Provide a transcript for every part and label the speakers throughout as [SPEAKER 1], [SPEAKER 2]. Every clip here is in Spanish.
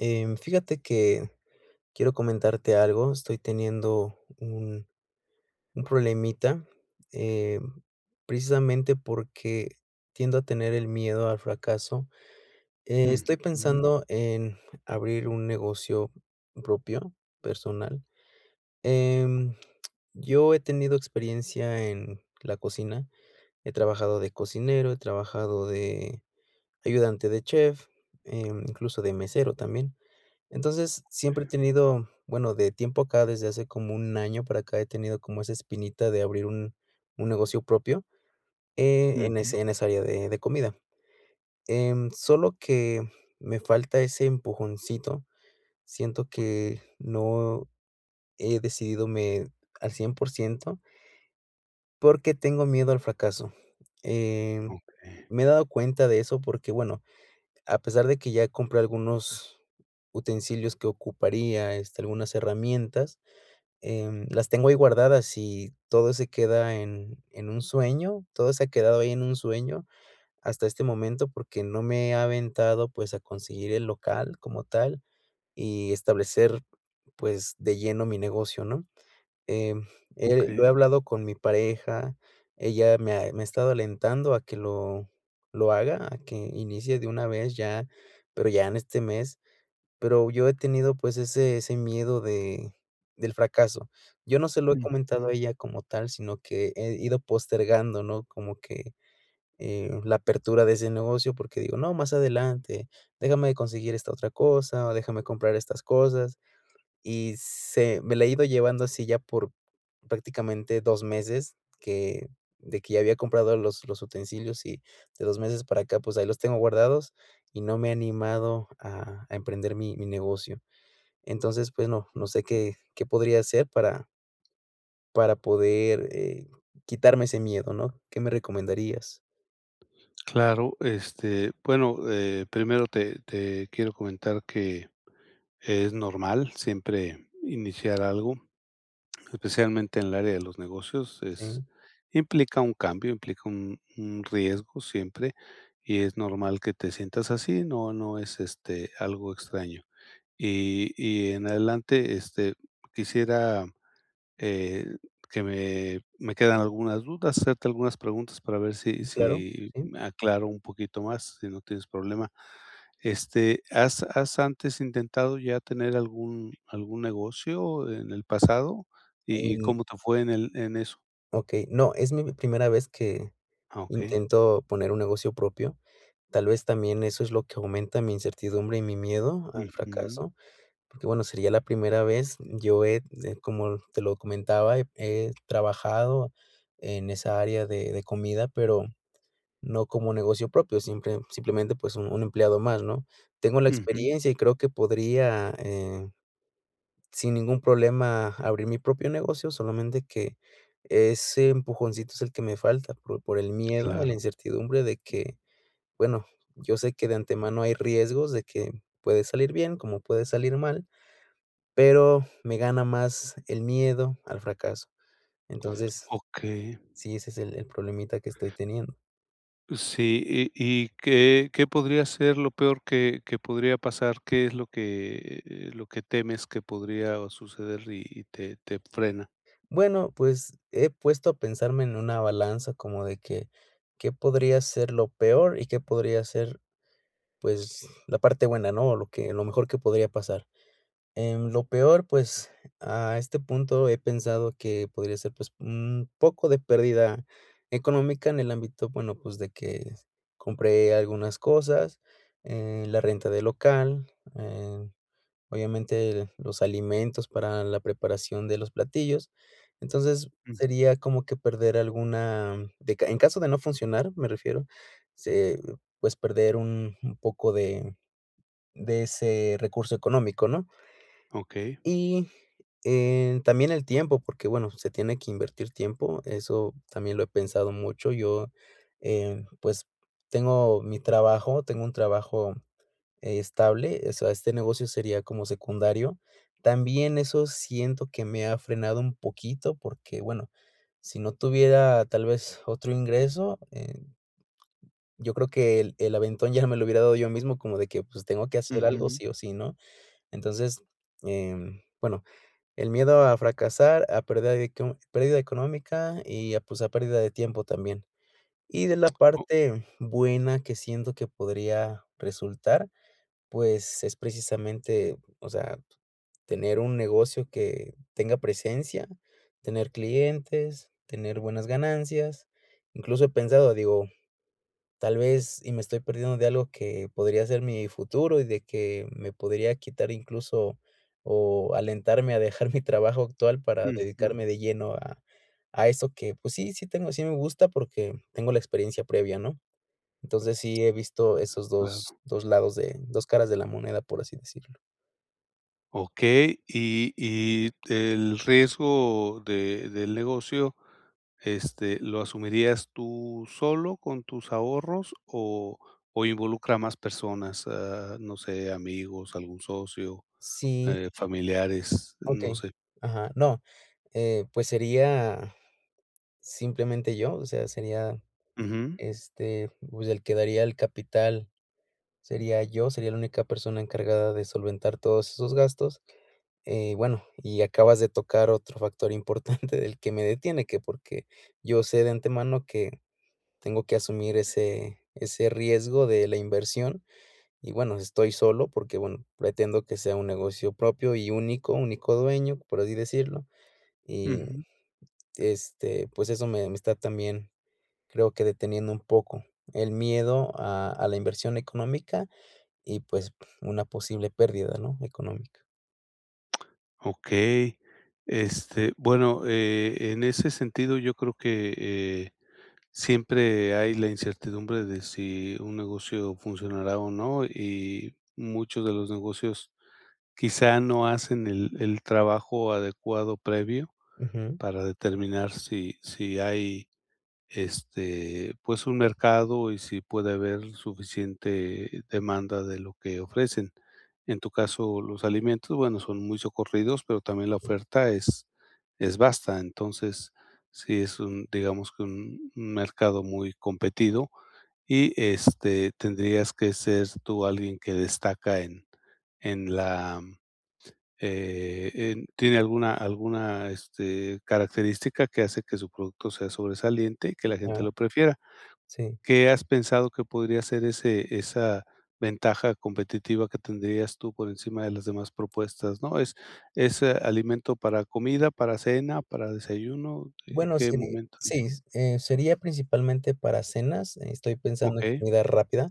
[SPEAKER 1] Em, fíjate que quiero comentarte algo, estoy teniendo un un problemita, em, precisamente porque tiendo a tener el miedo al fracaso, estoy
[SPEAKER 2] Ujú.
[SPEAKER 1] pensando en abrir un negocio propio, personal, em, yo he tenido experiencia en la cocina, he trabajado de cocinero, he trabajado de ayudante de chef, eh, incluso de mesero también, entonces, siempre he tenido, bueno, de tiempo acá desde hace como un año para acá he tenido como esa espinita de abrir un un negocio propio, eh, en
[SPEAKER 2] Ujú.
[SPEAKER 1] ese en esa área de de comida, em, solo que me falta ese empujoncito, siento que no he decidido al 100 % porque tengo miedo al fracaso, em,
[SPEAKER 2] Okey.
[SPEAKER 1] me he dado cuenta de eso porque, bueno, a pesar de que ya compré algunos utensilios que ocuparía, este, algunas herramientas, em, las tengo ahí guardadas y todo se queda en en un sueño, todo se ha quedado ahí en un sueño hasta este momento, porque no me he aventado, pues, a conseguir el local como tal, y establecer, pues, de lleno mi negocio, ¿no?, em, eh, lo he
[SPEAKER 2] Okey.
[SPEAKER 1] hablado con mi pareja, ella me ha me ha estado alentando a que lo lo haga, a que inicie de una vez ya, pero ya en este mes, pero yo he tenido, pues, ese ese miedo de, del fracaso, yo no se lo he comentado
[SPEAKER 2] Ujú.
[SPEAKER 1] a ella como tal, sino que he ido postergando, ¿no?, como que, eh, la apertura de ese negocio, porque digo: "No, más adelante, déjame de conseguir esta otra cosa, o déjame comprar estas cosas", y se me la he ido llevando así ya por prácticamente 2 meses que de que ya había comprado los los utensilios y de 2 meses para acá, pues, ahí los tengo guardados, y no me he animado a a emprender mi mi negocio, entonces, bueno, no sé, qué qué podría hacer para para poder, eh, quitarme ese miedo, ¿no?, ¿qué me recomendarías?
[SPEAKER 2] Claro, este, bueno, eh, primero te te quiero comentar que, es normal siempre iniciar algo, especialmente en el área de los negocios, es
[SPEAKER 1] Sí.
[SPEAKER 2] implica un cambio, implica un un riesgo siempre, y es normal que te sientas así, no no es, este, algo extraño. Y y en adelante, este, quisiera eh, que me me quedan algunas dudas, hacerte algunas preguntas para ver si
[SPEAKER 1] Mm, claro,
[SPEAKER 2] si
[SPEAKER 1] sí.
[SPEAKER 2] me aclaro un poquito más, si no tienes problema. Este, ¿has has antes intentado ya tener algún algún negocio en el pasado? ¿Y y
[SPEAKER 1] Um.
[SPEAKER 2] cómo te fue en el en eso?
[SPEAKER 1] Okey, no, es mi primera vez que,
[SPEAKER 2] Ah, okey.
[SPEAKER 1] intento poner un negocio propio. Tal vez también eso es lo que aumenta mi incertidumbre y mi miedo al
[SPEAKER 2] Ujú.
[SPEAKER 1] fracaso, porque bueno, sería la primera vez. Yo ed eh, como te lo comentaba, he trabajado en esa área de de comida, pero no como negocio propio, simple simplemente, pues, un un empleado más, ¿no? Tengo la
[SPEAKER 2] Ujú.
[SPEAKER 1] experiencia y creo que podría, eh, sin ningún problema, abrir mi propio negocio, solamente que, ese empujoncito es el que me falta, por por el miedo y la
[SPEAKER 2] Claro.
[SPEAKER 1] incertidumbre de que, bueno, yo sé que de antemano hay riesgos de que, puede salir bien, como puede salir mal, pero me gana más el miedo al fracaso. Entonces,
[SPEAKER 2] Okey.
[SPEAKER 1] sí, ese es el el problemita que estoy teniendo.
[SPEAKER 2] Sí, ¿Y y qué qué podría ser lo peor que que podría pasar? ¿Qué es lo que eh, lo que temes que podría suceder y y te te frena?
[SPEAKER 1] Bueno, pues, he puesto a pensarme en una balanza como de que, ¿qué podría ser lo peor y que podría ser, pues, la parte buena, no? O lo que lo mejor que podría pasar. Em, lo peor, pues, a este punto he pensado que podría ser pues, un poco de pérdida económica en el ámbito bueno pues de que, compré algunas cosas, eh, la renta del local, eh, obviamente, los alimentos para la preparación de los platillos. Entonces,
[SPEAKER 2] Mm.
[SPEAKER 1] sería como que perder alguna, de ca en caso de no funcionar, me refiero, se pues, perder un un poco de, de ese recurso económico, ¿no?
[SPEAKER 2] Okey.
[SPEAKER 1] Y, eh, también el tiempo, porque, bueno, se tiene que invertir tiempo, eso también lo he pensado mucho. Yo, eh, pues, tengo mi trabajo, tengo un trabajo estable, eh, o sea, este negocio sería como secundario. También eso siento que me ha frenado un poquito, porque bueno, si no tuviera, tal vez, otro ingreso en Yo creo que el el aventón ya me lo hubiera dado yo mismo como de que pues, tengo que hacer algo
[SPEAKER 2] Ujú.
[SPEAKER 1] sí o sí, ¿no? Entonces, em, bueno, el miedo a fracasar a pérdida de co pérdida económica y a pues, a pérdida de tiempo también. Y de la
[SPEAKER 2] Oh
[SPEAKER 1] parte, buena que siento que podría, resultar, pues es precisamente, o sea, tener un negocio que tenga presencia, tener clientes, tener buenas ganancias. Incluso he pensado, digo, tal vez, y me estoy perdiendo de algo que podría ser mi futuro y de que, me podría quitar incluso o alentarme a dejar mi trabajo actual para
[SPEAKER 2] Ujú.
[SPEAKER 1] dedicarme de lleno a a eso que, pues, sí, sí tengo sí me gusta, porque tengo la experiencia previa, ¿no? Entonces, sí he visto esos dos
[SPEAKER 2] Claro.
[SPEAKER 1] dos lados de dos caras de la moneda, por así decirlo.
[SPEAKER 2] Okey, y y el riesgo de del negocio, este, ¿lo asumirías tú solo con tus ahorros o o involucra a más personas, ah, no sé, amigos, algún socio,
[SPEAKER 1] Sí.
[SPEAKER 2] eh, familiares, no
[SPEAKER 1] Okey,
[SPEAKER 2] sé?
[SPEAKER 1] ajá, no, eh, pues sería simplemente yo, o sea, sería,
[SPEAKER 2] Ujú.
[SPEAKER 1] este, pues, el que daría el capital, sería yo, sería la única persona encargada de solventar todos esos gastos. Eh, bueno, y acabas de tocar otro factor importante del que me detiene, que porque yo sé de antemano que tengo que asumir ese ese riesgo de la inversión, y bueno, estoy solo porque, bueno, pretendo que sea un negocio propio y único, único dueño, por así decirlo, y,
[SPEAKER 2] Ujú.
[SPEAKER 1] este, pues eso me me está también, creo que deteniendo un poco, el miedo a a la inversión económica y, pues una posible pérdida, ¿no?, económica.
[SPEAKER 2] Okey, este, bueno, eh, en ese sentido, yo creo que, eh, siempre hay la incertidumbre de si un negocio funcionará o no, y muchos de los negocios quizá no hacen el el trabajo adecuado previo
[SPEAKER 1] Ujú.
[SPEAKER 2] para determinar si si hay, este, pues, un mercado y si puede haber suficiente demanda de lo que ofrecen. En tu caso, los alimentos, bueno, son muy socorridos, pero también la
[SPEAKER 1] Si.
[SPEAKER 2] oferta es es basta. Entonces, sí es un, digamos que un un mercado muy competido, y este, tendrías que ser tú alguien que destaca en en la, eh, en tiene alguna alguna, este, característica que hace que su producto sea sobresaliente y que la gente
[SPEAKER 1] Claro.
[SPEAKER 2] lo prefiera.
[SPEAKER 1] Sí.
[SPEAKER 2] ¿Qué has pensado que podría ser ese esa ventaja competitiva que tendrías tú por encima de las demás propuestas, ¿no? ¿Es es, eh, alimento para comida, para cena, para desayuno, eh,
[SPEAKER 1] Bueno,
[SPEAKER 2] qué
[SPEAKER 1] seri
[SPEAKER 2] momento del día?
[SPEAKER 1] Sí, eh, sería principalmente para cenas, eh, estoy pensando en
[SPEAKER 2] Okey.
[SPEAKER 1] comida rápida,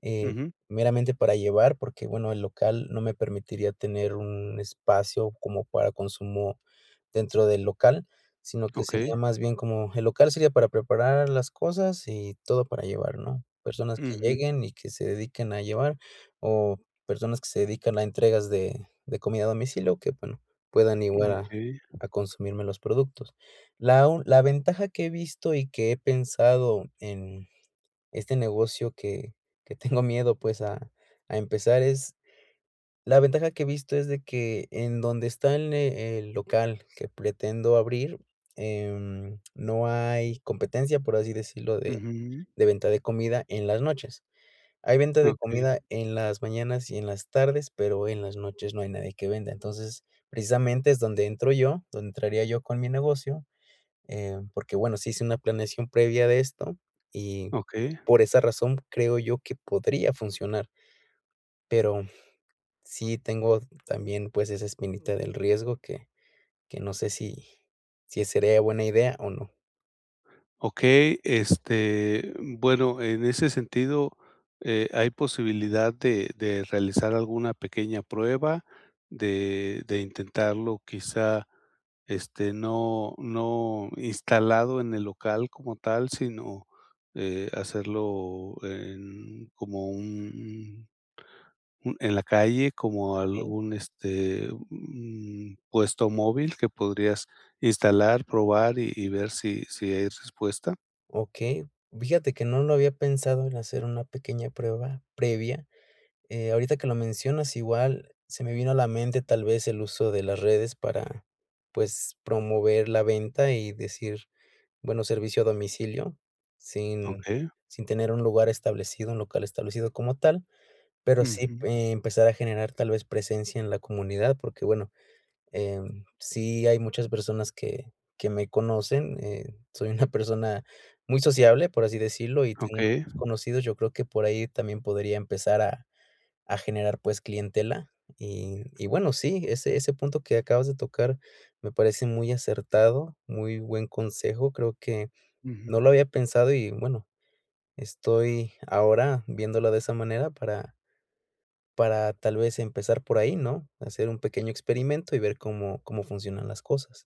[SPEAKER 1] eh,
[SPEAKER 2] Ujú.
[SPEAKER 1] meramente para llevar, porque, bueno, el local no me permitiría tener un espacio como para consumo dentro del local, sino que
[SPEAKER 2] Okey.
[SPEAKER 1] sería más bien como el local sería para preparar las cosas y todo para llevar, ¿no? Personas que
[SPEAKER 2] Ujú.
[SPEAKER 1] lleguen y que se dediquen a llevar, o personas que se dedican a entregas de de comida a domicilio que, bueno, puedan
[SPEAKER 2] Mm,
[SPEAKER 1] iguara
[SPEAKER 2] okey.
[SPEAKER 1] a consumirme los productos. La u la ventaja que he visto y que he pensado en este negocio que que tengo miedo, pues, a a empezar es la ventaja que he visto es de que en donde está el ne el local que pretendo abrir, eh, no hay competencia, por así decirlo, de
[SPEAKER 2] Ujú.
[SPEAKER 1] de venta de comida en las noches. Hay venta de
[SPEAKER 2] Okey.
[SPEAKER 1] comida en las mañanas y en las tardes, pero en las noches no hay nadie que venda. Entonces, precisamente, es donde entro yo, donde entraría yo con mi negocio, eh, porque, bueno, sí hice una planeación previa de esto, y
[SPEAKER 2] Okey.
[SPEAKER 1] por esa razón, creo yo que podría funcionar. Pero sí tengo también, pues, esa espinita del riesgo que que no sé si si sería buena idea o no.
[SPEAKER 2] Okey, este, bueno, en ese sentido eh, ¿hay posibilidad de de realizar alguna pequeña prueba?, de de intentarlo quizá, este, no no instalado en el local como tal, sino, eh, hacerlo en como un un en la calle, como
[SPEAKER 1] Okey.
[SPEAKER 2] algún, este un puesto móvil que podrías instalar, probar y y ver si si hay respuesta.
[SPEAKER 1] Okey, fíjate que no lo había pensado en hacer una pequeña prueba previa, eh, ahorita que lo mencionas, igual, se me vino a la mente, tal vez, el uso de las redes para, pues, promover la venta y decir, bueno, servicio a domicilio, sin
[SPEAKER 2] Okey.
[SPEAKER 1] sin tener un lugar establecido, un local establecido como tal, pero sí,
[SPEAKER 2] Ujú.
[SPEAKER 1] empezar a generar, tal vez, presencia en la comunidad, porque, bueno em, sí hay muchas personas que que me conocen, eh, soy una persona muy sociable, por así decirlo, y tengo
[SPEAKER 2] Okey.
[SPEAKER 1] muchos conocidos, yo creo que por ahí también podría empezar a a generar, pues, clientela, y y, bueno, sí, ese ese punto que acabas de tocar me parece muy acertado, muy buen consejo, creo que no
[SPEAKER 2] Ujú.
[SPEAKER 1] lo había pensado y, bueno, estoy ahora viéndolo de esa manera para para, tal vez, empezar por ahí, ¿no?, hacer un pequeño experimento y ver, cómo cómo funcionan las cosas.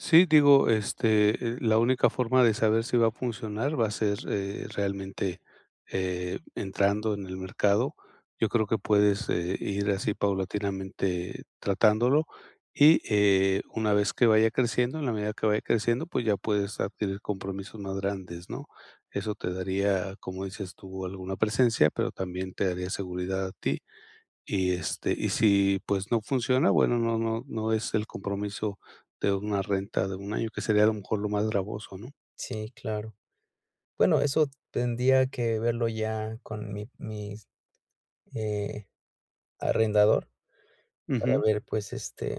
[SPEAKER 2] Sí, digo, este, eh, la única forma de saber si va a funcionar va a ser, eh, realmente, eh, entrando en el mercado. Yo creo que puedes, eh, ir así paulatinamente tratándolo, y, eh, una vez que vaya creciendo, en la medida que vaya creciendo, pues ya puedes adquirir compromisos más grandes, ¿no?, eso te daría, como dices tú, alguna presencia, pero también te daría seguridad a ti. Y, este, y si, pues no funciona, bueno, no no no es el compromiso de una renta de 1 año, que sería, a lo mejor, lo más gravoso, ¿no?
[SPEAKER 1] Sí, claro. Bueno, eso tendría que verlo ya con mi mis, eh, arrendador, para
[SPEAKER 2] Ujú.
[SPEAKER 1] ver, pues, este,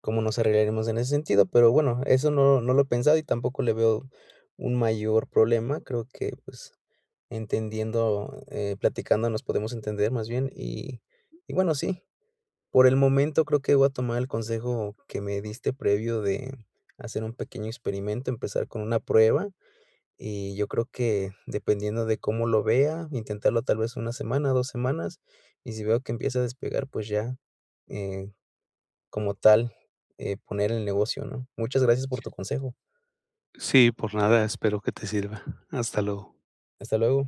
[SPEAKER 1] cómo nos arreglaremos en ese sentido, pero bueno, eso no no lo he pensado y tampoco le veo un mayor problema, creo que, pues, entendiendo, eh, platicando nos podemos entender más bien, y y, bueno, sí, por el momento, creo que voy a tomar el consejo que me diste previo de hacer un pequeño experimento, empezar con una prueba, y yo creo que dependiendo de cómo lo vea, intentarlo tal vez 1 semana, 2 semanas, y si veo que empieza a despegar, pues ya, eh, como tal, eh, poner el negocio, ¿no? Muchas gracias por tu consejo.
[SPEAKER 2] Sí, por nada, espero que te sirva. Hasta luego.
[SPEAKER 1] Hasta luego.